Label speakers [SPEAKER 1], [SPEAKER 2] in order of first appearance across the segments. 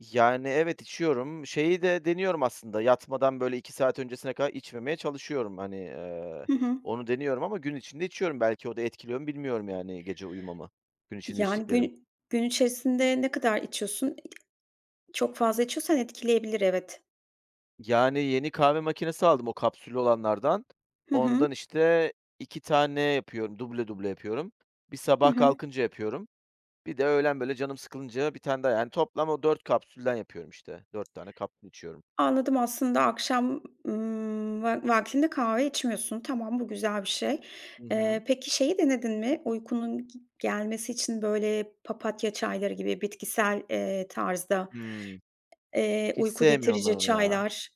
[SPEAKER 1] Yani, evet, içiyorum. Şeyi de deniyorum aslında. Yatmadan böyle 2 saat öncesine kadar içmemeye çalışıyorum. Hani, eee,
[SPEAKER 2] Hı hı.
[SPEAKER 1] onu deniyorum ama gün içinde içiyorum. Belki, o da etkiliyor mu, bilmiyorum yani, gece uyumamı; gün içinde
[SPEAKER 2] Yani,
[SPEAKER 1] içtiklerim.
[SPEAKER 2] gün gün içerisinde ne kadar içiyorsun? İii, çok fazla içiyorsan, etkileyebilir, evet.
[SPEAKER 1] Yani, yeni kahve makinesi aldım; o kapsüllü olanlardan.
[SPEAKER 2] Hı hı.
[SPEAKER 1] Ondan işte 2 tane yapıyor, duble duble yapıyorum. Bir
[SPEAKER 2] Hı
[SPEAKER 1] sabah
[SPEAKER 2] hı.
[SPEAKER 1] kalkınca yapıyorum. Bir de öğlen böyle canım sıkılınca, 1 tane daha; yani, toplam o 4 kapsülden yapıyorum, işte. 4 tane kapsül içiyorum.
[SPEAKER 2] Anladım, aslında akşam, ımm, va vaktinde kahve içmiyorsun. Tamam, bu güzel bir şey.
[SPEAKER 1] Hı hı.
[SPEAKER 2] Eee, peki, şeyi denedin mi uykunun gi gelmesi için; böyle papatya çayları gibi, bitkisel, eee, tarzda
[SPEAKER 1] Hımm.
[SPEAKER 2] eee,
[SPEAKER 1] Hiç
[SPEAKER 2] uyku
[SPEAKER 1] sevmiyorum, ben
[SPEAKER 2] getirici
[SPEAKER 1] onu ya.
[SPEAKER 2] çaylar?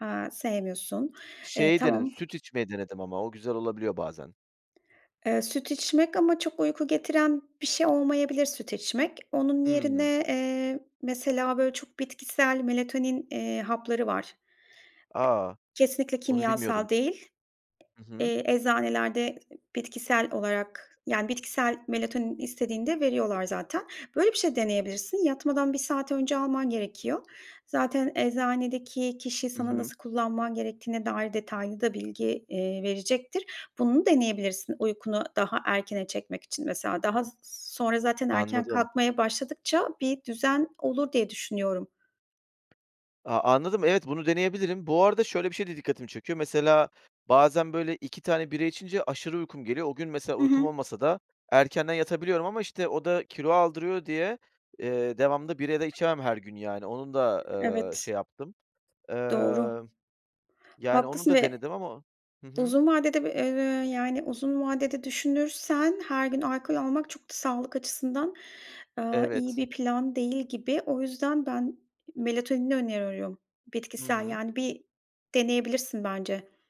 [SPEAKER 2] He, sevmiyorsun. Eee,
[SPEAKER 1] Şey denedim.
[SPEAKER 2] tamam.
[SPEAKER 1] Süt içmeyi denedim, ama o güzel olabiliyor, bazen.
[SPEAKER 2] Eee, süt içmek ama çok uyku getiren bir şey olmayabilir, süt içmek. Onun
[SPEAKER 1] Hımm.
[SPEAKER 2] yerine, eee, mesela, böyle çok bitkisel melatonin, eee, hapları var. E
[SPEAKER 1] A,
[SPEAKER 2] Kesinlikle,
[SPEAKER 1] onu bilmiyordum.
[SPEAKER 2] kimyasal değil.
[SPEAKER 1] Hı hı.
[SPEAKER 2] Eee, eczanelerde bitkisel olarak, yani, bitkisel melatonin istediğinde, veriyorlar zaten. Böyle bir şey deneyebilirsin. Yatmadan bir saat önce alman gerekiyor. Zaten eczanedeki kişi,
[SPEAKER 1] Hı
[SPEAKER 2] sana
[SPEAKER 1] hı.
[SPEAKER 2] nasıl kullanman gerektiğine dair detaylı da bilgi, eee, verecektir. Bunu deneyebilirsin, uykunu daha erkene çekmek için mesela. Daha s sonra zaten erken
[SPEAKER 1] Anladım.
[SPEAKER 2] kalkmaya başladıkça, bir düzen olur diye, düşünüyorum.
[SPEAKER 1] A anladım, evet. Bunu deneyebilirim. Bu arada şöyle bir şey de dikkatimi çekiyor. Mesela, bazen böyle 2 tane bira içince, aşırı uykum geliyor. O gün mesela
[SPEAKER 2] Hı
[SPEAKER 1] uykum
[SPEAKER 2] hı.
[SPEAKER 1] olmasa da, erkenden yatabiliyorum. Ama işte, o da kilo aldırıyor diye, eee, devamlı bira da içemem. Her gün yani, onun da, ııı,
[SPEAKER 2] Evet.
[SPEAKER 1] şey yaptım.
[SPEAKER 2] Doğru.
[SPEAKER 1] Iıı, yani onu
[SPEAKER 2] Haklısın
[SPEAKER 1] da
[SPEAKER 2] ve
[SPEAKER 1] denedim ama Hı hı.
[SPEAKER 2] Uzun vadede bir, eee, yani uzun vadede, düşünürsen her gün alkol almak, çok da sağlık açısından, ııı, iyi
[SPEAKER 1] Evet.
[SPEAKER 2] bir plan değil, gibi. O yüzden ben melatonini öneriyorum.
[SPEAKER 1] Hı
[SPEAKER 2] Bitkisel
[SPEAKER 1] hı.
[SPEAKER 2] yani, bir deneyebilirsin, bence.